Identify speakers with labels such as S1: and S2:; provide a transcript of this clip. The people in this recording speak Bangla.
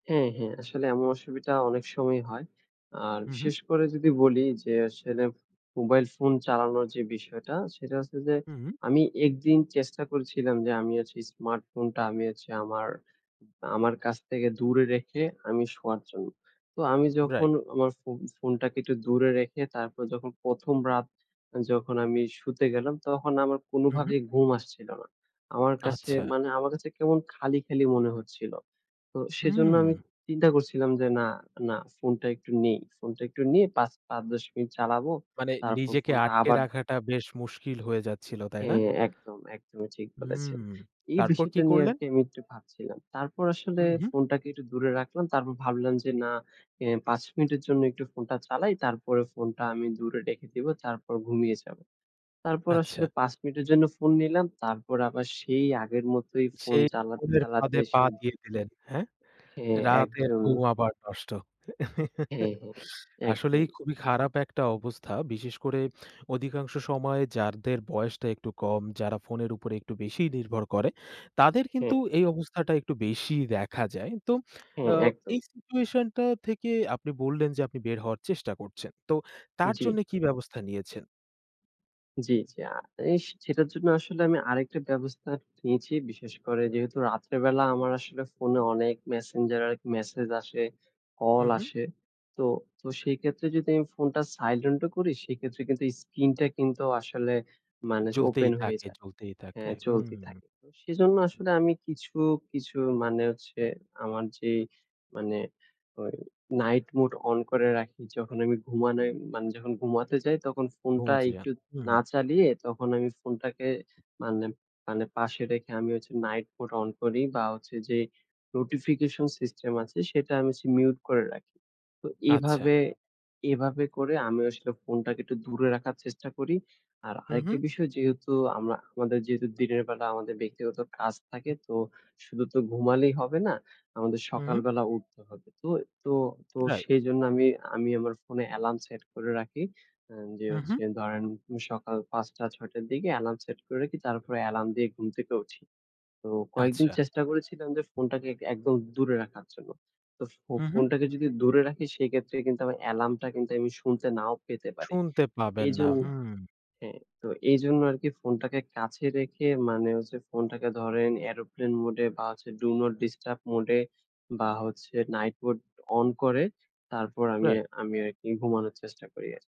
S1: হ্যাঁ, হ্যাঁ। আসলে এমন অসুবিধা অনেক সময় হয়। আর
S2: হু, হুম।
S1: বিশেষ করে যদি বলি যে আসলে মোবাইল ফোন চালানোর যে বিষয়টা, সেটা হচ্ছে যে
S2: হুম।
S1: আমি একদিন চেষ্টা করেছিলাম যে আমি আজকে স্মার্টফোনটা আমি হচ্ছে আমার আমার কাছ থেকে দূরে রেখে আমি শোয়ার জন্য। তো আমি
S2: রাইট।
S1: যখন আমার ফোন ফোনটাকে একটু দূরে রেখে তারপর যখন ১ম রাত যখন আমি শুতে গেলাম তখন আমার
S2: হু, হুম।
S1: কোনোভাবেই ঘুম আসছিল না। আমার কাছে
S2: আচ্ছা।
S1: মানে আমার কাছে কেমন খালি, খালি মনে হচ্ছিল। তো সেজন্য আমি
S2: হুম।
S1: চিন্তা করছিলাম যে, "না না, ফোনটা একটু নেই। ফোনটা একটু নিয়ে পাচ ৫, ১০ মিনিট চালাবো।
S2: মানে
S1: তারপর
S2: নিজেকে
S1: ফোনটা
S2: আটকে
S1: আবার"
S2: রাখাটা বেশ মুশকিল হয়ে যাচ্ছিল, তাই না?
S1: হ্যাঁ, একদম। একদমই ঠিক
S2: হুম,
S1: বলেছেন। এই
S2: তারপর কি
S1: বিষয়টা নিয়ে
S2: করলেন?
S1: আরকি আমি একটু ভাবছিলাম। তারপর আসলে
S2: উহুম।
S1: ফোনটাকে একটু দূরে রাখলাম। তারপর ভাবলাম যে, "না, এ ৫ মিনিটের জন্য একটু ফোনটা চালাই। তারপরে ফোনটা আমি দূরে রেখে দিবো। তারপর ঘুমিয়ে যাবো।" তারপর
S2: আচ্ছা।
S1: আসলে ৫ মিনিটের জন্য ফোন নিলাম। তারপর আবার সেই আগের
S2: এ
S1: মতোই ফোন
S2: সেই
S1: চালাতে,
S2: ফোনের
S1: চালাতে
S2: ফাঁদে পা
S1: সেই
S2: দিয়ে দিলেন। হ্যাঁ?
S1: হ্যাঁ,
S2: রাতের
S1: একদমই।
S2: ঘুম আবার নষ্ট।
S1: হ্যাঁ, হ্যাঁ।
S2: আসলেই
S1: একদম।
S2: খুবই খারাপ একটা অবস্থা। বিশেষ করে অধিকাংশ সময়ে যাদের বয়সটা একটু কম, যারা ফোনের উপরে একটু বেশি নির্ভর করে, তাদের
S1: হ্যাঁ।
S2: কিন্তু এই অবস্থাটা একটু বেশিই দেখা যায়। তো
S1: হ্যাঁ,
S2: আ
S1: একদম।
S2: এই situation টা থেকে আপনি বললেন যে আপনি বের হওয়ার চেষ্টা করছেন। তো তার জন্য
S1: জি।
S2: কি ব্যবস্থা নিয়েছেন?
S1: জি, জি। আ এ সেটার জন্য আসলে আমি আরেকটা ব্যবস্থা নিয়েছি। বিশেষ করে যেহেতু রাত্রে বেলা আমার আসলে ফোনে অনেক Messenger এ এক মেসেজ আসে,
S2: হু,
S1: কল
S2: হুম।
S1: আসে। তো তো সেইক্ষেত্রে যদি আমি ফোনটা silent ও করি সেক্ষেত্রে কিন্তু এই স্কিনটা কিন্তু আসলে মানে যে
S2: চলতেই
S1: ওপেন হয়ে
S2: থাকে
S1: যায়।
S2: চলতেই থাকে,
S1: হ্যাঁ, চলতে
S2: হুম।
S1: থাকে। ও সেজন্য আসলে আমি কিছু, কিছু মানে হচ্ছে আমার যে মানে ওই night mode অন করে রাখি। যখন আমি ঘুমানে মানে যখন ঘুমাতে যাই তখন ফোনটা
S2: ঘুমাচ্ছি না।
S1: একটু না
S2: হু।
S1: চালিয়ে তখন আমি ফোনটাকে মানে মানে পাশে রেখে আমি হচ্ছে night mode অন করি বা হচ্ছে যে notification system আছে সেটা আমি হচ্ছে mute করে রাখি। তো
S2: আচ্ছা।
S1: এভাবে এভাবে করে আমিও আসলে ফোনটাকে একটু দূরে রাখার চেষ্টা করি। আর
S2: হু,
S1: আরেকটি
S2: হু।
S1: বিষয় যেহেতু আমরা আমাদের যেহেতু দিনের বেলা আমাদের ব্যক্তিগত কাজ থাকে তো শুধু তো ঘুমালেই হবে না। আমাদের
S2: হুম।
S1: সকালবেলা উঠতে হবে। তো তো তো
S2: রাইট।
S1: সেইজন্য আমি আমি আমার ফোনে অ্যালার্ম সেট করে রাখি। এ যে
S2: হু,
S1: হচ্ছে
S2: হুম।
S1: ধরেন সকাল ০৫ঃ০০, ০৬ঃ০০ র দিকে অ্যালার্ম সেট করে রাখি। তারপরে অ্যালার্ম দিয়ে ঘুম থেকে উঠি। তো কয়েকদিন
S2: আচ্ছা।
S1: চেষ্টা করেছিলাম যে ফোনটাকে একদম দূরে রাখার জন্য। তো ফো
S2: উহু।
S1: ফোনটাকে যদি দূরে রাখি সেক্ষেত্রে কিন্তু অ্যালার্মটা কিন্তু আমি শুনতে নাও পেতে পারি।
S2: শুনতে
S1: আ
S2: পাবেন না,
S1: এইজন্য
S2: হু।
S1: হ্যাঁ, তো এইজন্য আরকি ফোনটাকে কাছে রেখে মানে হচ্ছে ফোনটাকে ধরেন aeroplane mode এ বা, do not disturb mode এ বা, হচ্ছে night mode অন করে। তারপর আমি
S2: রাইট।
S1: আমি আরকি ঘুমানোর চেষ্টা করি আরকি।